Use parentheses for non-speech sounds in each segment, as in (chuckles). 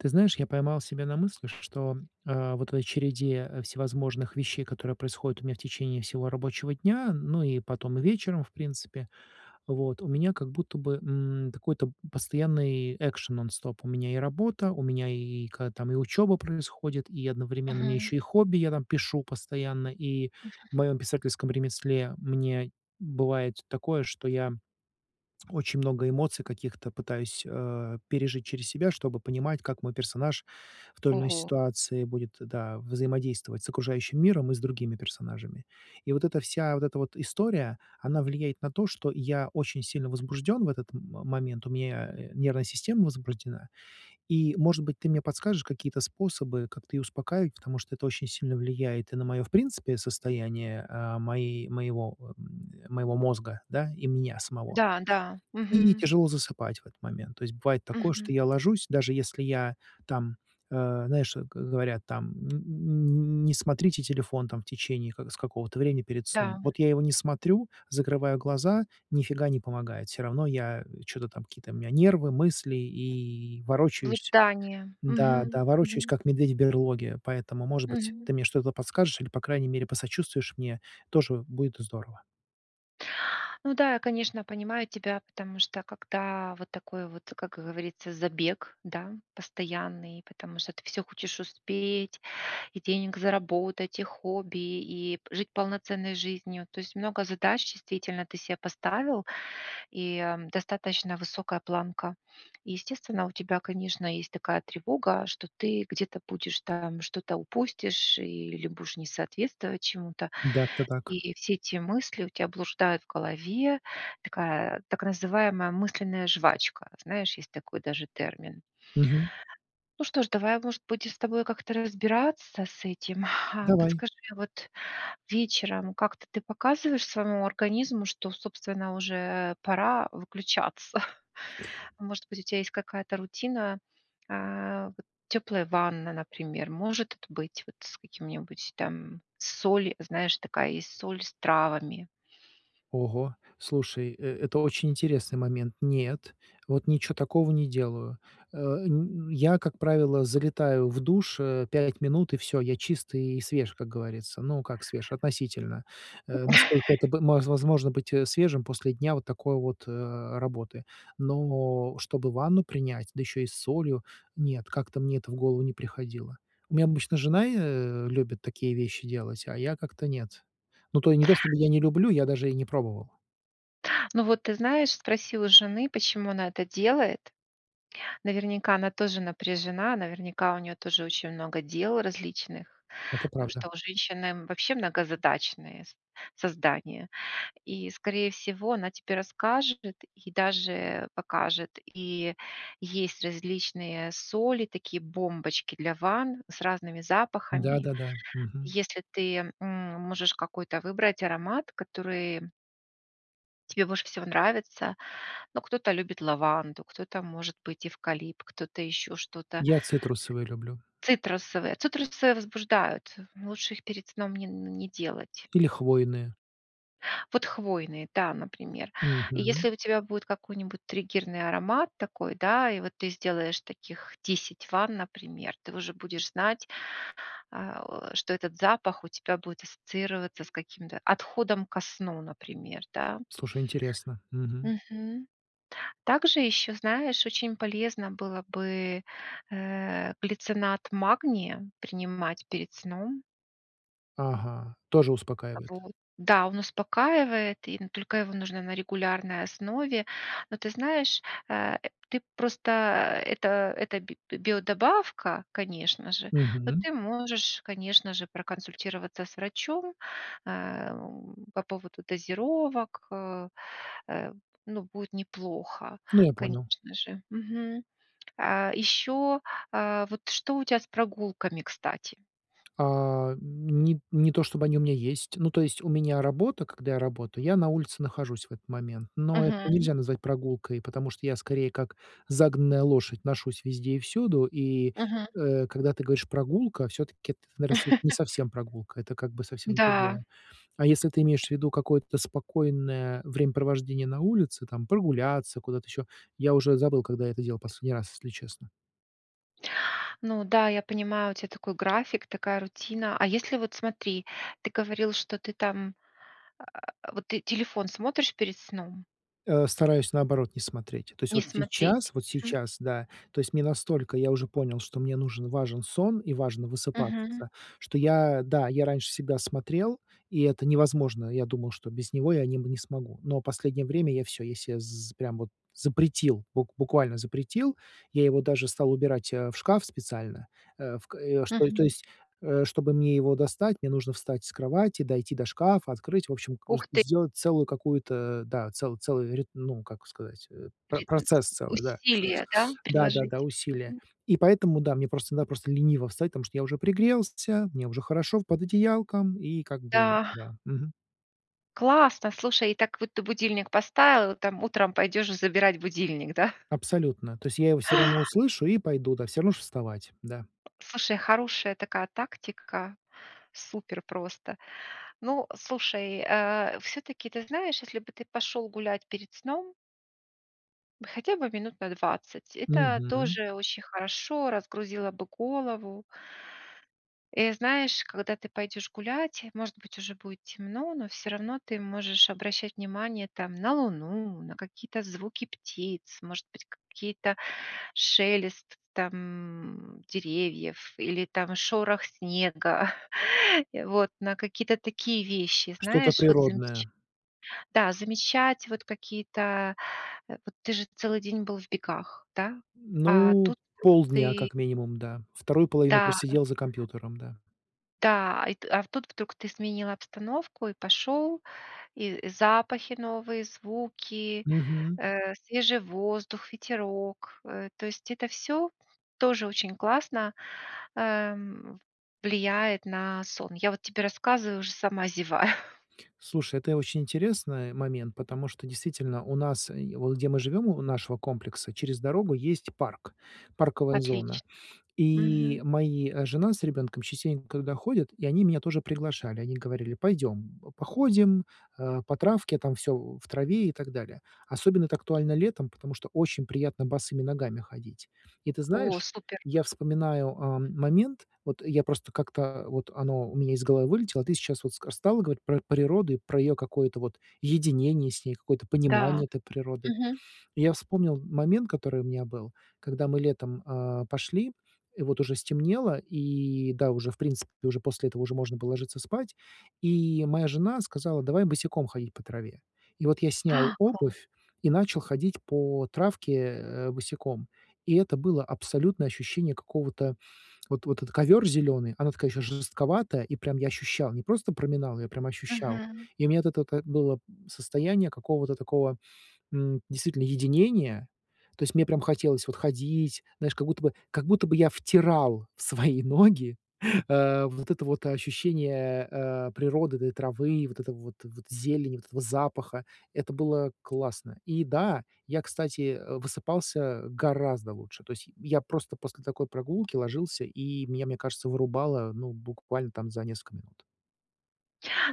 Ты знаешь, я поймал себя на мысли, что, э, вот в (unintelligible) той череде всевозможных вещей, которые происходят у меня в течение всего рабочего дня, ну, и, потом, и вечером, в принципе, вот, у меня, как будто бы, м, какой-то постоянный экшен, нон-стоп. У меня и работа, у меня, и, когда, там, и учёба происходит, и, одновременно, у меня Мгм. ещё и хобби: я, там, пишу постоянно. И, в Мгм. моём писательском ремесле мне бывает такое, что я очень много эмоций каких-то пытаюсь, э, пережить через себя, чтобы понимать, как мой персонаж в той или иной Ого. ситуации будет, да, взаимодействовать с окружающим миром и с другими персонажами. И, вот эта вся, вот эта вот история, она влияет на то, что я очень сильно возбуждён в этот м момент, у меня, э, нервная система возбуждена, и, может быть, ты мне подскажешь какие-то способы, как-то её успокаивать. Потому что, это очень сильно влияет и на моё, в принципе, состояние, э, моей, моего, м, э, моего мозга, да, и меня самого, Да, да. и Мгм. тяжело засыпать в этот момент. То есть, бывает такое, что Мгм. я ложусь, даже если я, там, э, знаешь, г говорят, там, м, н н не смотрите телефон, там, в течение ка с какого-то времени перед сном. Да. Вот, я его не смотрю, закрываю глаза- ни фига не помогает, всё равно я, м, чё-то, там, какие-то у меня нервы, мысли, и ворочаюсь. Блуждание. Да, Мгм. да, ворочаюсь, Мгм. как медведь в берлоге, поэтому, может быть, Мгм. ты мне что-то подскажешь, или, по крайней мере, посочувствуешь мне, тоже будет здорово. Ну да, я, конечно, понимаю тебя, потому что когда вот такой вот, как говорится, забег, да, постоянный, потому что ты всё хочешь успеть, и денег заработать, и хобби, и п жить полноценной жизнью. То есть много задач действительно ты се поставил, и, м, достаточно высокая планка. Естественно, у тебя, конечно, есть такая тревога, что ты где-то будешь там что-то упустишь или будешь не соответствовать чему-то. Да, всё так. И все эти мысли у тя блуждают в голове. Такая так называемая мысленная жвачка. Знаешь, есть такой даже термин. Мгм. Ну что ж, давай, может быть, с тобой как-то разбираться с этим. А Давай. подскажи, вот вечером как-то ты показываешь своему организму, что, собственно, уже пора выключаться? Может быть, у тебя есть какая-то рутина, а, вот тёплая ванна, например, может т быть, вот, с каким-нибудь там соль, знаешь, такая есть соль с травами. Ого, слушай, э, это очень интересный момент. Нет, вот ничего такого не делаю. Э, н я, как правило, залетаю в душ, э, 5 минут, и всё, я чист и свеж, как говорится. Ну, как свеж, относительно, э, насколько это (chuckles) б возможно быть свежим после дня вот такой вот, э, работы. Но чтобы ванну принять, да ещё и с солью, нет, как-то мне это в голову не приходило. У меня обычно жена и, э, любит такие вещи делать, а я как-то нет. Ну, то не то чтобы (chuckles) я не люблю, я даже и не пробовал. Ну вот, ты знаешь, спроси у жены, почему она это делает? Наверняка она тоже напряжена, наверняка у неё тоже очень много дел различных, Это потому правда. что у женщины вообще многозадачные с создания, и, скорее всего, она тебе расскажет, и даже покажет, и есть различные соли, такие бомбочки для ванн с разными запахами. Да-да-да, мгм. Если ты, м, можешь какой-то выбрать аромат, который Тебе больше всего нравится. Ну, кто-то любит лаванду, кто-то, может быть, эвкалипт, кто-то ещё что-то. Я цитрусовые люблю. Цитрусовые. Цитрусы возбуждают, лучше их перед сном не, н не делать. Или хвойные. Вот хвойные, да, например. Мгм. Если у тебя будет какой-нибудь триггерный аромат такой, да, и вот ты сделаешь таких 10 ванн, например, ты уже будешь знать, а, о что этот запах у тебя будет ассоциироваться с каким-то отходом ко сну, например, да. Слушай, интересно. Мгм. Мгм. Также ещё, знаешь, очень полезно было бы, э, глицинат магния принимать перед сном. Ага, тоже Э, успокаивает. вот, да, он успокаивает, и н только его нужно на регулярной основе. Но ты знаешь, э, ты просто, э, это это би биодобавка, конечно же, но Мгм. ты можешь, конечно же, проконсультироваться с врачом, эм, по поводу дозировок, э, э, ну, будет неплохо, Ну, я понял. конечно же. Мгм. Э, ещё, э, вот что у тебя с прогулками, кстати? А ни не то чтобы они у меня есть. Ну, то есть у меня работа, когда я работаю, я на улице нахожусь в этот момент, но это Мгм. нельзя назвать прогулкой, потому что я скорее как загнанная лошадь ношусь везде и всюду, и, Мгм. э, когда ты говоришь "прогулка", всё-таки это, наверно, это не (chuckles) совсем прогулка, это как бы совсем Да. другое. А если ты имеешь в виду какое-то спокойное времяпровождение на улице, там прогуляться куда-то ещё, я уже забыл, когда я это делал последний раз, если честно. Ну да, я понимаю, у тя такой график, такая рутина. А если вот смотри, ты говорил, что ты там, а (grunts) вот ты телефон смотришь перед сном? Э, стараюсь наоборот не смотреть. То есть Не вот смотреть. сейчас вот Мгм. сейчас, да, то есть мне настолько я уже понял, что мне нужен, важен сон и важно Мгм. высыпаться, что я, да, я раньше всегда смотрел, и это невозможно. Я думал, что без него я не м не смогу, но в последнее время я всё, я се з прям вот запретил, бук буквально запретил, я его даже стал убирать а, в шкаф специально, э, ф (grunts) к э что и то Мгм. есть э чтобы мне его достать, мне нужно встать с кровати, дойти до шкафа, открыть, в общем, к с Ух ты! сделать целую какую-то, да, цел целый рит ну, как сказать, э про Передать процесс целый, да. усилия, да, (sniffs) Да-да-да, приложить. усилия, Мгм. и поэтому, да, мне просто иногда просто лениво встать, потому что я уже пригрелся, мне уже хорошо в под одеялком и как бы Да. да. Мгм. Классно. Слушай, и так вот ты будильник поставил, и там утром пойдёшь забирать будильник, да? Абсолютно. То есть я его всё равно услышу и пойду, да, всё равно ж вставать, да. Слушай, хорошая такая тактика, супер просто. Ну, слушай, а, всё-таки, ты знаешь, если бы ты пошел гулять перед сном. Хотя бы минут на 20, это Мгм. тоже очень хорошо, разгрузило бы голову. И знаешь, когда ты пойдешь гулять, может быть уже будет темно, но всё равно ты можешь обращать внимание, там, на Луну, на какие-то звуки птиц, может быть, какие-то шелест там деревьев или там шорох снега, (chuckles) и вот на какие-то такие вещи. Что-то Знаешь, вот замеч природное. Да, замечать вот какие-то, э, вот ты же целый день был в бегах, да? А Ну, тут вдруг полдня ты как минимум, да, 2 половину Да. просидел за компьютером, да. Да, а, ит а, в тут вдруг ты сменил обстановку и пошел, и запахи новые, звуки, Мгм. э, свежий воздух, ветерок. Э, то есть это всё тоже очень классно, эм, влияет на сон. Я вот тебе рассказываю, уже сама зеваю. (chuckles) Слушай, это я очень интересно момент, потому что, действительно, у нас, е вот где мы живём, у нашего комплекса, через дорогу есть парк, парковая зона, Отлично, и мгм. мои, э, жена с ребёнком частенько туда ходят, и они меня тоже приглашали. Они говорили: "Пойдём, походим, э, по травке, там всё в траве и так далее". Особенно это актуально летом, потому что очень приятно босыми ногами ходить. И ты О, знаешь, супер. я вспоминаю, а, момент, вот я просто как-то вот оно у меня из головы вылетело, а ты сейчас вот ска стала говорить про природу и про её какое-то вот единение с ней, какое-то Да. понимание этой природы. Мгм. И я вспомнил момент, который у меня был, когда мы летом, а, пошли, и вот уже стемнело, и да, уже, в принципе, уже после этого уже можно было ложиться спать, и моя жена сказала: "Давай босиком ходить по траве". И вот я снял А! Классно. обувь и начал ходить по травке, э, босиком, и это было абсолютное ощущение какого-то вот этот ковёр зелёный, она такая ещё жестковатая, и прям я ощущал, не просто проминал, я прям ощущал, Мгм. и у меня вот это вот, э, было состояние какого-то такого, м, действительно единения, то есть мне прям хотелось вот ходить, знаешь, как будто бы как будто бы я втирал в свои ноги, э, вот это вот ощущение, э, природы, да, этой травы, вот этого вот вот зелени, вот этого запаха. Это было классно. И, да, я, кстати, э, высыпался гораздо лучше. То есть, й я просто после такой прогулки ложился, и меня, мне кажется, вырубало, ну, буквально, там за несколько минут.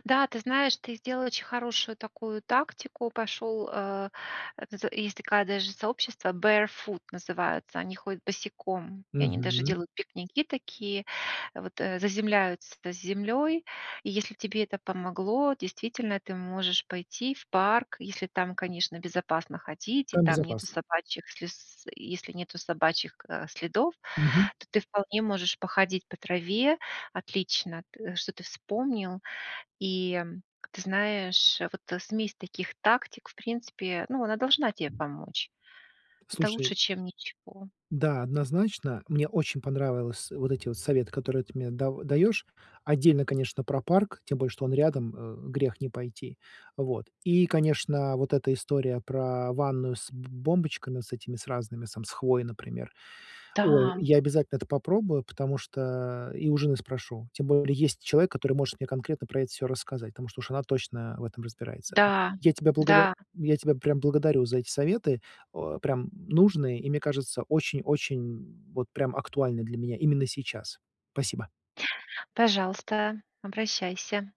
Да, ты знаешь, ты сделал очень хорошую такую тактику, пошёл, э З есть такая даже сообщество, Barefoot называются, они ходят босиком, и они даже Мгм. делают пикники такие, вот, э, заземляются с землёй. И если тебе это помогло, действительно, ты можешь пойти в парк, если там, конечно, безопасно ходить и Там там нету безопасно. собачьих слиз и если нету собачьих ка следов, Мгм. то ты вполне можешь походить по траве. Отлично, т что ты вспомнил. И, ты знаешь, вот смесь таких тактик, в принципе, ну, она должна тебе помочь. Это Слушай лучше, чем ничего. Да, однозначно, мне очень понравилось вот эти вот советы, которые ты мне дав даёшь. Отдельно, конечно, про парк, тем более что он рядом, э э грех не пойти. Вот. И, конечно, вот эта история про ванную с б бомбочками, с этими разными, сам с хвоей, например. Ой, Да. я обязательно это попробую, потому что и у жены спрошу. Тем более, есть человек, который может мне конкретно про это всё рассказать, потому что уж она точно в этом разбирается, м. Да Я тебя за благово да. я тебя прям благодарю за эти советы, а, прям нужные и, мне кажется, очень-очень, м вот прям актуальны для меня именно сейчас. Спасибо. Пожалуйста. Обращайся!